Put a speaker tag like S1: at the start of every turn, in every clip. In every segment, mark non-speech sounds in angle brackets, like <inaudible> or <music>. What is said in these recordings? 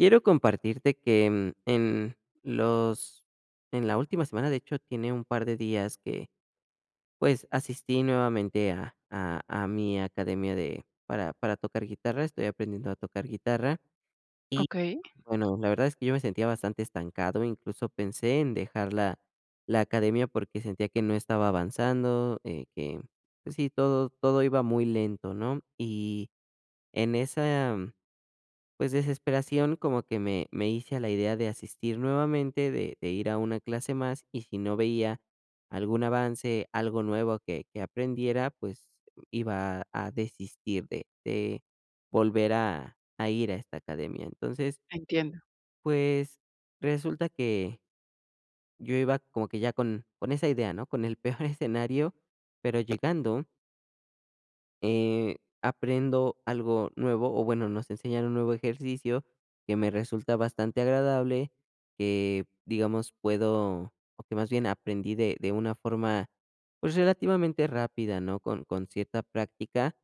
S1: Quiero compartirte que, mm, en los en la última semana, de hecho, tiene un par de días que, pues, asistí nuevamente a a a mi academia de para para tocar guitarra. Estoy aprendiendo a tocar guitarra, y
S2: Okey.
S1: bueno, la verdad es que yo me sentía bastante estancado, incluso pensé en dejar la la academia porque sentía que no estaba avanzando, eh, que, pues, sí todo todo iba muy lento, ¿no? Y en esa pues desesperación, como que me me hice a la idea de asistir nuevamente, de de ir a una clase más, y si no veía algún avance, algo nuevo que que aprendiera, pues, iba a a desistir de de volver a a ir a esta academia. Entonces
S2: Entiendo.
S1: pues, resulta que yo iba como que ya con con esa idea, ¿no? Con el peor escenario, pero llegando eh, aprendo algo nuevo, o bueno, nos enseñan un nuevo ejercicio que me resulta bastante agradable, que digamos, puedo, o que más bien aprendí de de una forma, pues, relativamente rápida, ¿no? Con con cierta práctica,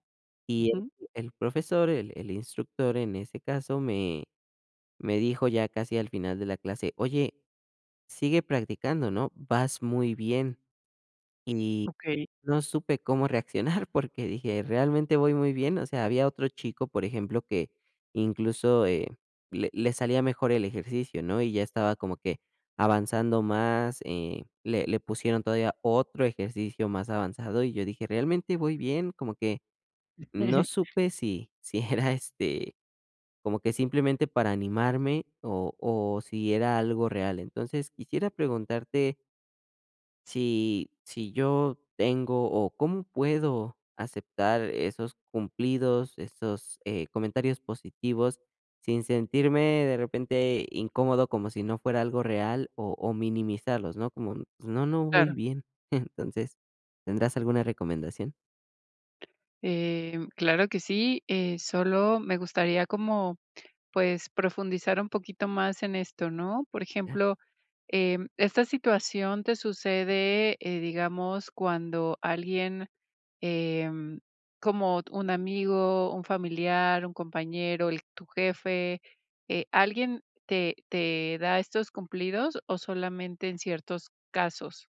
S1: y el
S2: Ujú.
S1: el profesor, el el instructor en ese caso, me me dijo ya casi al final de la clase: "Oye, sigue practicando, ¿no? Vas muy bien", y
S2: Okey.
S1: no supe cómo reaccionar, porque dije: "¿Realmente voy muy bien?" O sea, había otro chico, por ejemplo, que incluso, eh, le le salía mejor el ejercicio, ¿no? Y ya estaba como que avanzando más. Eh, le le pusieron todavía otro ejercicio más avanzado y yo dije: "¿Realmente voy bien?", como que no
S2: <chuckles>
S1: supe si si era, este, como que simplemente para animarme o o si era algo real. Entonces, quisiera preguntarte si si yo tengo o, ¿cómo puedo aceptar esos cumplidos, esos, eh, comentarios positivos? Sin sentirme de repente incómodo como si no fuera algo real o o minimizarlos, ¿no? Como, pues, no no voy
S2: Claro.
S1: bien, <chuckles> entonces, ¿tendrás alguna recomendación?
S2: Em, claro que sí, eh, solo me gustaría como, pues, profundizar un poquito más en esto, ¿no?, por
S1: Ya.
S2: ejemplo, em, esta situación te sucede, eh, digamos, cuando alguien, em, como t un amigo, un familiar, un compañero, el tu jefe. Eh, ¿alguien te te da estos cumplidos, o solamente en ciertos casos?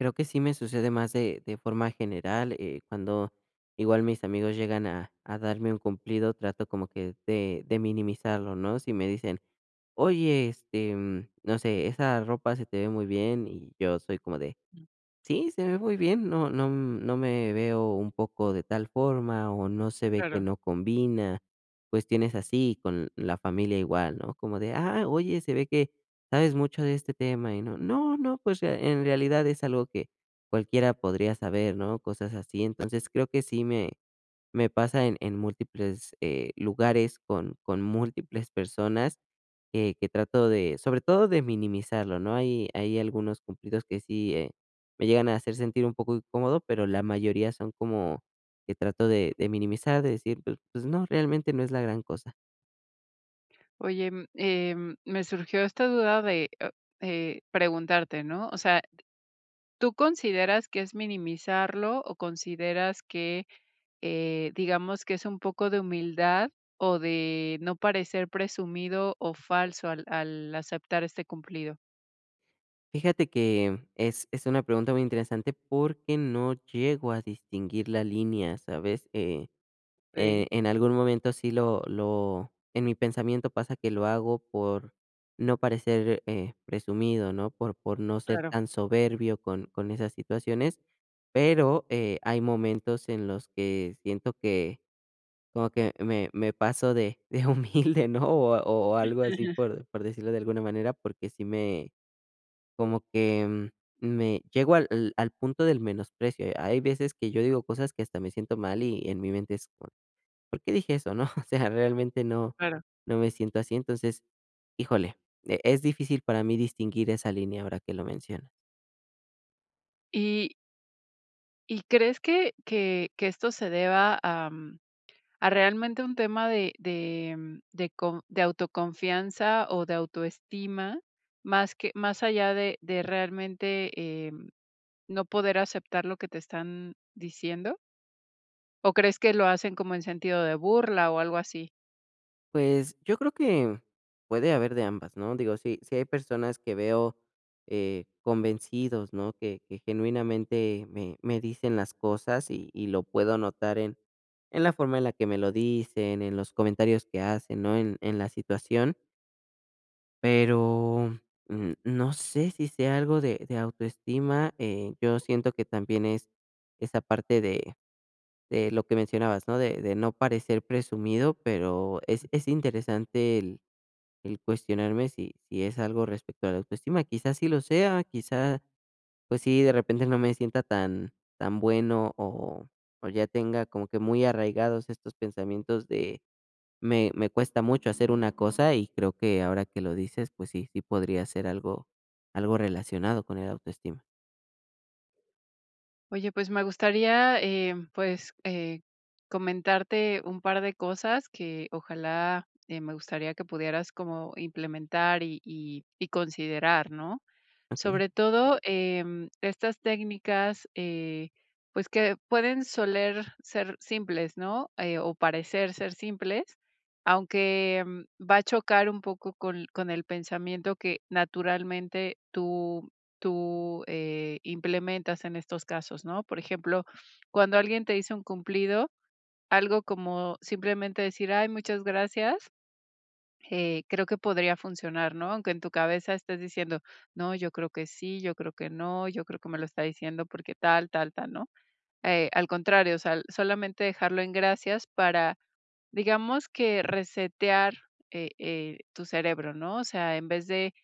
S1: Creo que sí me sucede más de de forma general, eh, cuando igual mis amigos llegan a a darme un cumplido, trato como que de de minimizarlo, ¿no?, si me dicen: "Oye, este, mm, no sé, esa ropa se te ve muy bien", y yo soy como de: "Sí, se ve muy bien, no no no me veo un poco de tal forma o no se ve que
S2: Claro.
S1: no combina", cuestiones así con la familia igual, ¿no?, como de: "Ah, oye, se ve que sabes mucho de este tema y no, no no, pues, en realidad es algo que cualquiera podría saber", ¿no? Cosas así, entonces, creo que sí me me pasa en en múltiples, eh, lugares con con múltiples personas que que trato de, sobre todo, de minimizarlo, ¿no? Hay hay algunos cumplidos que sí, eh, me llegan a hacer sentir un poco incómodo, pero la mayoría son como que trato de de minimizar, de decir, pues pues no, realmente no es la gran cosa.
S2: Oye, mm, em, me surgió esta duda de, ah, eh, preguntarte, ¿no?, o sea, ¿tú consideras que es minimizarlo o consideras que, eh, digamos, que es un poco de humildad, o de no parecer presumido o falso al al aceptar este cumplido?
S1: Fíjate que es es una pregunta muy interesante porque no llego a distinguir la línea, ¿sabes? Eh, eh,
S2: Okey.
S1: en algún momento sí, lo lo en mi pensamiento pasa que lo hago por, no parecer, eh, presumido, ¿no? Por por no ser
S2: Claro.
S1: tan soberbio con con esas situaciones, pero, eh, hay momentos en los que siento que, como que me me paso de, de humilde, ¿no? O o o
S2: Mm,
S1: algo así,
S2: ujú.
S1: por por decirlo de alguna manera, porque sí me como que me, llego al al punto del menosprecio. Hay veces que yo digo cosas que hasta me siento mal, y en mi mente es: "¿Por-por qué dije eso, no?". <chuckles> O sea, realmente no,
S2: Claro.
S1: no me siento así, entonces híjole, eh, es difícil para mí distinguir esa línea ahora que lo mencionas.
S2: Y ¿Y crees que que que esto se deba am, a realmente un tema de de, mm, de con de autoconfianza o de autoestima, más que más allá de de realmente, eh, no poder aceptar lo que te están diciendo? ¿O crees que lo hacen como en sentido de burla o algo así?
S1: Pues, yo creo que, puede haber de ambas, ¿no? Digo, si si hay personas que veo, eh, convencidos, ¿no? Que que genuinamente me me dicen las cosas y y lo puedo notar en, en la forma en la que me lo dicen, en los comentarios que hacen, ¿no? En en la situación pero, mm, no sé si sea algo de de autoestima, eh, yo siento que también es esa parte de de lo que mencionabas, ¿no? De de no parecer presumido, pero es es interesante el, el cuestionarme si si es algo respecto a la autoestima, quizás sí lo sea, quizás, pues sí, de repente no me sienta tan tan bueno o o ya tenga como que muy arraigados estos pensamientos de me me cuesta mucho hacer una cosa, y creo que ahora que lo dices, pues sí, sí podría ser algo, algo relacionado con el autoestima.
S2: Oye, pues, me gustaría, eh, pues, eh, comentarte un par de cosas que ojalá, eh, me gustaría que pudieras como implementar y y y considerar, ¿no?
S1: Okey.
S2: Sobre todo, em estas técnicas, eh, pues que pueden soler ser simples, ¿no? Eh, o parecer ser simples, aunque va a chocar un poco con con el pensamiento que naturalmente tú, tú, eh, implementas en estos casos, ¿no? Por ejemplo, cuando alguien te hizo un cumplido, algo como simplemente decir: "Ay muchas gracias". Eh, creo que podría funcionar, ¿no? Aunque en tu cabeza estés diciendo: "No, yo creo que sí, yo creo que no, yo creo que me lo está diciendo porque tal, tal, tal, ¿no?". Eh, al contrario, o sea, solamente dejarlo en: "Gracias". Para, digamos que resetear, eh, eh, tu cerebro, ¿no? O sea, en vez de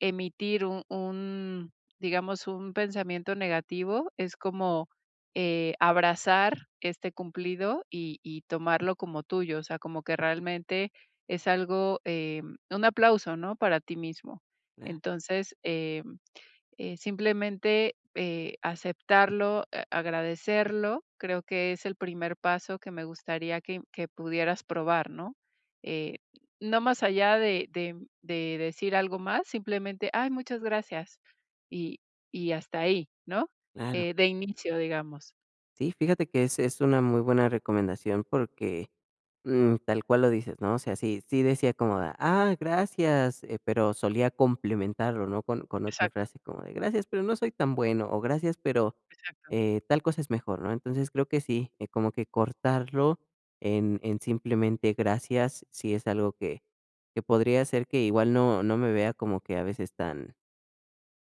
S2: emitir un un, digamos, un pensamiento negativo, es como, eh, abrazar este cumplido y y tomarlo como tuyo, o sea, como que realmente es algo, eh, un aplauso, ¿no? Para ti mismo. Entonces, em, eh, simplemente, eh, aceptarlo, eh, agradecerlo, creo que es el primer paso que me gustaría que que pudieras probar, ¿no? Eh, no más allá de de de decir algo más, simplemente: "Ay, muchas gracias". Y, y hasta ahí, ¿no?
S1: Claro.
S2: Eh, de inicio, digamos.
S1: Si fíjate que es es una muy buena recomendación porque, mm, tal cual lo dices, ¿no? O sea, si si decía como de que: "Ah, gracias, eh". Pero solía complementarlo, ¿no? Con con otra
S2: Exacto.
S1: frase como de: "Gracias, pero no soy tan bueno". O: "Gracias, pero,
S2: Exacto.
S1: eh, tal cosa es mejor, ¿no?". Entonces creo que sí, eh, como que cortarlo en en simplemente: "Gracias". Sí, es algo que, que podría hacer que igual no no me vea como que a veces tan,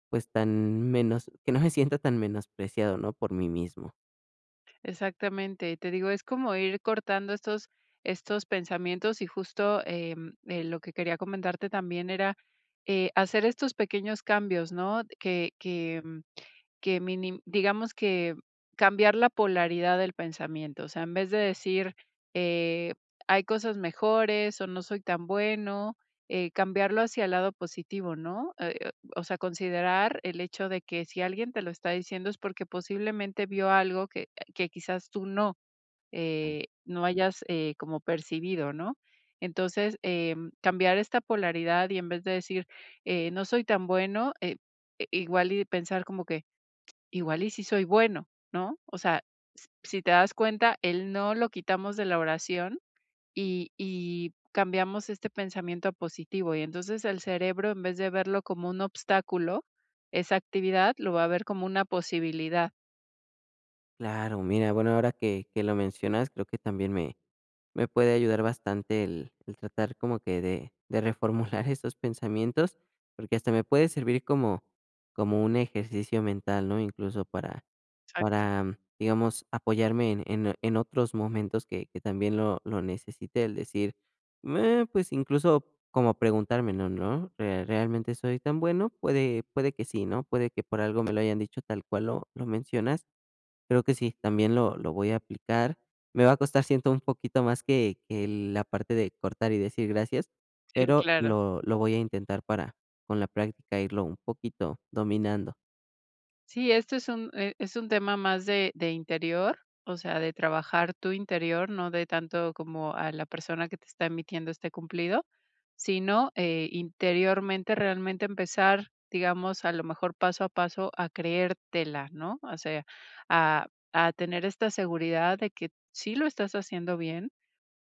S1: pues tan menos, que no me sienta tan menospreciado, ¿no? Por mí mismo.
S2: Exactamente. Y te digo, es como ir cortando estos estos pensamientos. Y justo, em, eh, lo que quería comentarte también era, eh, hacer estos pequeños cambios, ¿no? Que que que mini digamos que cambiar la polaridad del pensamiento. O sea, en vez de decir: "Eh, hay cosas mejores", o "no soy tan bueno", eh, cambiarlo hacia el lado positivo, ¿no? Eh, o sea, considerar el hecho de que si alguien te lo está diciendo, es porque posiblemente vio algo que, eh, que quizás tú no. Eh, no hayas, eh, como percibido, ¿no? Entonces, em, cambiar esta polaridad, y en vez de decir: "Eh, no soy tan bueno", eh, i igual y pensar, como que: <clicks tongue> "Igual y sí soy bueno", ¿no? O sea, s-si te das cuenta, el "no" lo quitamos de la oración, y y cambiamos este pensamiento a positivo. Y, entonces, el cerebro, en vez de verlo como un obstáculo, esa actividad, lo va a ver como una posibilidad.
S1: Claro, mira, bueno, ahora que que lo mencionas, creo que también, me me puede ayudar bastante, el el tratar como que de de reformular estos pensamientos. Porque hasta me puede servir como como un ejercicio mental, ¿no? Incluso, para
S2: Exacto.
S1: para digamos, apoyarme en en en otros momentos, que que también, lo lo necesite. El decir: "Meh", pues, incluso, como preguntarme: "No, no, eh, ¿realmente soy tan bueno?". Puede puede que sí, ¿no? Puede que por algo me lo hayan dicho, tal cual lo lo mencionas. Pero que sí, también lo lo voy a aplicar. Me va a costar, siento, un poquito más, que que la parte de cortar y decir: "Gracias",
S2: Sí,
S1: pero
S2: claro.
S1: lo lo voy a intentar, para con la práctica, irlo un poquito dominando.
S2: Sí, esto es un e es un tema más de de interior, o sea, de trabajar tu interior, no de tanto, como a la persona que te está emitiendo este cumplido. Si no, eh, interiormente, realmente empezar digamos, a lo mejor paso a paso, a creértela, ¿no? O sea, a a tener esta seguridad, de que, sí lo estás haciendo bien.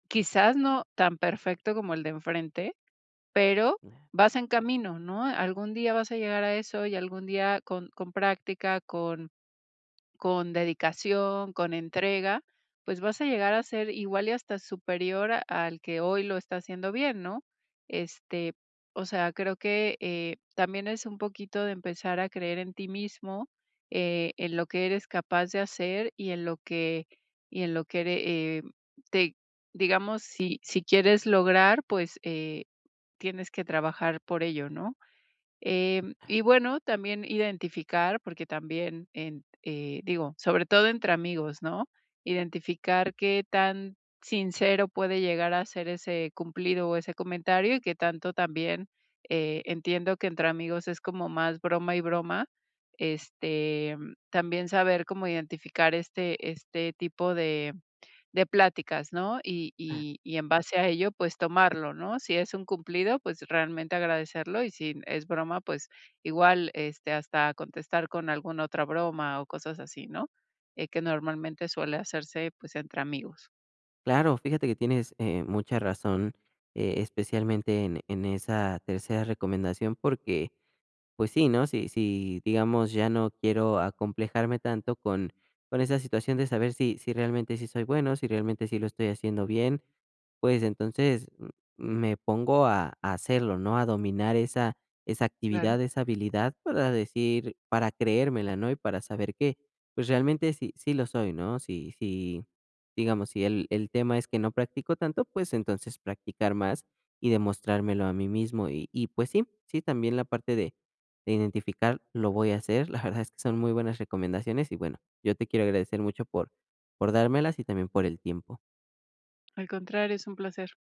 S2: Quizás, no tan perfecto como el de enfrente, pero,
S1: Ah.
S2: vas en camino, ¿no?, algún día vas a llegar a eso. Y algún día, con con práctica, con con dedicación, con entrega, pues, vas a llegar a ser igual, y hasta superior, al que hoy lo está haciendo bien, ¿no? Este, o sea, creo que, eh, también es un poquito, de empezar a creer en ti mismo, eh, en lo que eres capaz de hacer, y en lo que y en lo que ere eh, te Digamos, si si quieres lograr, pues eh, tienes que trabajar por ello, ¿no? Em,
S1: Ah.
S2: y bueno, también identificar, porque también en eh, digo, sobre todo entre amigos, ¿no? Identificar, qué tan sincero puede llegar a ser ese cumplido, o ese comentario, y qué tanto también, eh, entiendo que entre amigos, es como más broma y broma, este, mm, también saber cómo identificar, este este tipo de de pláticas, ¿no? Y
S1: Ah.
S2: y y en base a ello, pues, tomarlo, ¿no? Si es un cumplido, pues realmente agradecerlo. Y si es broma, pues igual, este, hasta contestar con alguna otra broma, o cosas así, ¿no? Eh, que normalmente suele hacerse, pues, entre amigos.
S1: Claro, fíjate que tienes, eh, mucha razón, eh, especialmente, en en esa tercera recomendación, porque, pues sí, ¿no? Si si, digamos, ya no quiero acomplejarme tanto con con esa situación, de saber si si realmente, sí soy bueno, si realmente, sí lo estoy haciendo bien, pues entonces, m me pongo a a hacerlo, ¿no? A dominar esa esa
S2: Claro.
S1: actividad, esa habilidad, para decir para creérmela, ¿no? Y para saber que, pues, realmente, sí sí, lo soy, ¿no? Si si Digamos, si el el tema es que no practico tanto, pues entonces, practicar más, y demostrármelo a mí mismo. Y y pues sí, sí también, la parte de de identificar, lo voy a hacer. La verdad es que son muy buenas recomendaciones. Y bueno, yo te quiero agradecer mucho, por por dármelas. Y también por el tiempo.
S2: Al contrario. Es un placer.